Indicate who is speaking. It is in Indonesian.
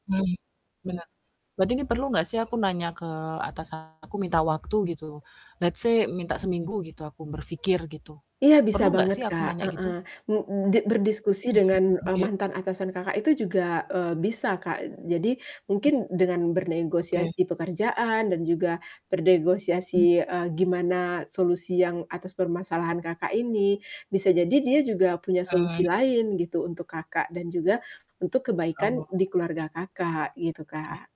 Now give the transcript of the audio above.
Speaker 1: Hmm, benar. Berarti ini perlu nggak sih aku nanya ke atasan aku, minta waktu gitu, let's say minta seminggu gitu, aku berpikir gitu,
Speaker 2: Iya, bisa
Speaker 1: perlu nggak
Speaker 2: banget,
Speaker 1: sih aku
Speaker 2: Kak,
Speaker 1: nanya gitu?
Speaker 2: heeh, m di berdiskusi
Speaker 1: Hmm.
Speaker 2: dengan, eee,
Speaker 1: Oke oke.
Speaker 2: mantan atasan Kakak itu juga, eee, bisa, Kak. Jadi
Speaker 1: Mmm.
Speaker 2: mungkin dengan
Speaker 1: Oke.
Speaker 2: bernegosiasi di pekerjaan dan juga
Speaker 1: Hmm.
Speaker 2: bernegosiasi, eee, gimana solusi yang atas permasalahan Kakak ini, bisa jadi dia juga punya
Speaker 1: Eee.
Speaker 2: solusi lain gitu, untuk Kakak dan juga untuk kebaikan
Speaker 1: Oh.
Speaker 2: di keluarga Kakak, gitu,
Speaker 1: Oh, iya.
Speaker 2: Kak.